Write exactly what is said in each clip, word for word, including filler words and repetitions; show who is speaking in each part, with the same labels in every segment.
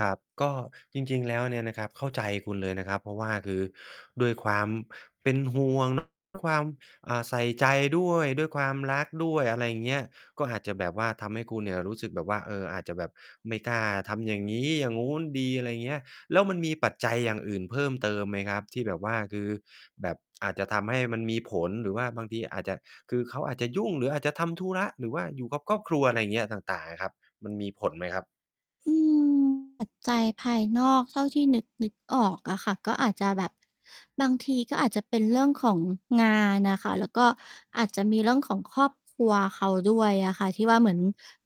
Speaker 1: ครับ ก็จริง ๆ แล้วเนี่ยนะครับ เข้าใจคุณเลยนะครับ เพราะว่าคือด้วยความเป็นห่วง ความ อ่า ใส่ใจด้วย ด้วยความรักด้วย อะไรเงี้ย ก็อาจจะแบบว่าทำให้คุณเนี่ยรู้สึกแบบว่า เออ อาจจะแบบไม่กล้าทำอย่างงี้อย่างงู้นดี อะไรเงี้ย แล้วมันมีปัจจัยอย่างอื่นเพิ่มเติมไหมครับ? ที่แบบว่า คือแบบ อาจจะทำให้มันมีผล หรือว่าบางทีอาจจะ คือเขาอาจจะยุ่ง หรืออาจจะทำธุระ หรือว่าอยู่กับครอบครัว อะไรอย่างเงี้ย ต่าง ๆ อะครับ มันมีผลไหมครับ?
Speaker 2: อืม ปัจจัยภายนอกเท่าที่นึก ๆ ออกอะค่ะ ก็อาจจะแบบ บางทีก็อาจจะเป็นเรื่องของงานอะค่ะ แล้วก็อาจจะมีเรื่องของครอบครัวเขาด้วยอะค่ะ ที่ว่าเหมือน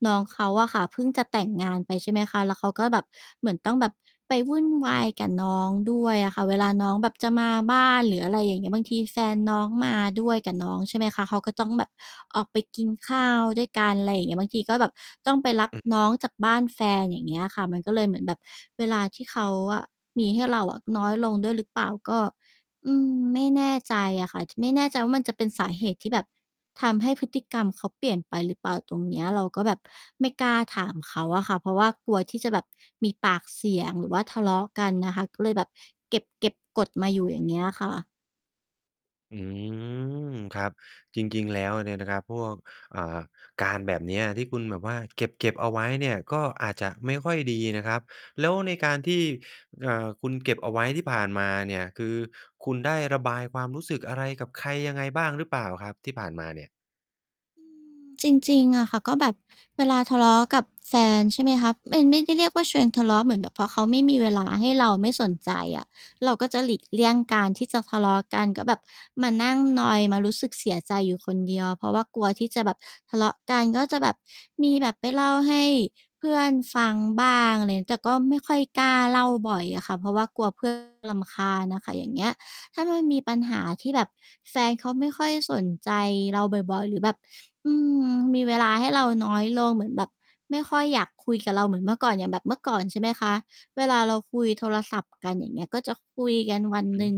Speaker 2: น้องเขาอะค่ะ เพิ่งจะแต่งงานไป ใช่ไหมคะ แล้วเขาก็แบบ เหมือนต้องแบบไปวุ่นวายกับน้องด้วยอะค่ะ เวลาน้องแบบจะมาบ้าน หรืออะไรอย่างเงี้ย บางทีแฟนน้องมาด้วยกับน้อง ใช่ไหมคะ เขาก็ต้องแบบออกไปกินข้าวด้วยกัน อะไรอย่างเงี้ย บางทีก็แบบต้องไปรับ
Speaker 1: อื
Speaker 2: น
Speaker 1: ม
Speaker 2: ้องจากบ้านแฟน อย่างเงี้ยอะค่ะ มันก็เลยเหมือนแบบเวลาที่เขาอะมีให้เราอะน้อยลงด้วยหรือเปล่า ก็ อืม ไม่แน่ใจอะค่ะ ไม่แน่ใจว่ามันจะเป็นสาเหตุที่แบบทำให้พฤติกรรมเขาเปลี่ยนไปหรือเปล่าตรงเนี้ย เราก็แบบไม่กล้าถามเขาอะค่ะ เพราะว่ากลัวที่จะแบบมีปากเสียง หรือว่าทะเลาะกันน่ะค่ะ ก็เลยแบบเก็บ ๆ กดมาอยู่ อย่างเงี้ยค่ะ
Speaker 1: อืม ครับ จริง ๆ แล้วเนี่ยนะครับ พวก อ่า การ แบบเนี้ยที่คุณแบบว่า เก็บ ๆ เอาไว้เนี่ย ก็อาจจะไม่ค่อยดีนะครับ แล้วในการที่ เอ่อ คุณเก็บเอาไว้ที่ผ่านมาเนี่ย คือคุณได้ระบายความรู้สึกอะไรกับใครยังไงบ้างหรือเปล่าครับ ที่ผ่านมาเนี่ย?
Speaker 2: อือ จริง ๆ อะค่ะ ก็แบบเวลาทะเลาะกับแฟน ใช่ไหมคะ เป็น ไม่ได้เรียกว่าชวนทะเลาะ เหมือนแบบพอเขาไม่มีเวลาให้เรา ไม่สนใจอะ เราก็จะหลีกเลี่ยงการที่จะทะเลาะกัน ก็แบบมานั่งนอย มารู้สึกเสียใจอยู่คนเดียว เพราะว่ากลัวที่จะแบบทะเลาะกัน ก็จะแบบมีแบบไปเล่าให้เพื่อนฟังบ้าง อะไร แต่ก็ไม่ค่อยกล้าเล่าบ่อยอะค่ะ เพราะว่ากลัว เพื่อน รำคาญอะค่ะ อย่างเงี้ย ถ้ามันมีปัญหาที่แบบแฟนเขาไม่ค่อยสนใจเราบ่อย ๆ หรือแบบ อืม มีเวลาให้เราน้อยลง เหมือนแบบไม่ค่อยอยากคุยกับเราเหมือนเมื่อก่อน อย่างแบบเมื่อก่อน ใช่ไหมคะ เวลาเราคุยโทรศัพท์กัน อย่างเงี้ย ก็จะคุยกันวันหนึ่ง
Speaker 1: หือ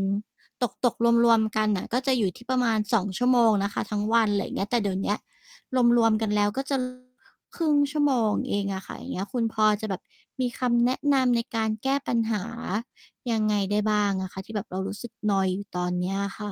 Speaker 2: ตก ตก รวม ๆ กันน่ะ ก็จะอยู่ที่ประมาณ สอง ชั่วโมงนะคะ ทั้งวัน อะไรอย่างเงี้ย แต่เดี๋ยวเนี้ยรวม ๆ กันแล้ว ก็ จะ ครึ่ง ชั่วโมงเองอะค่ะ อย่างเงี้ย คุณพอจะแบบมีคำแนะนำในการแก้ปัญหายังไงได้บ้างอะคะ ที่แบบเรารู้สึกนอยอยู่ตอนเนี้ยอะค่ะ?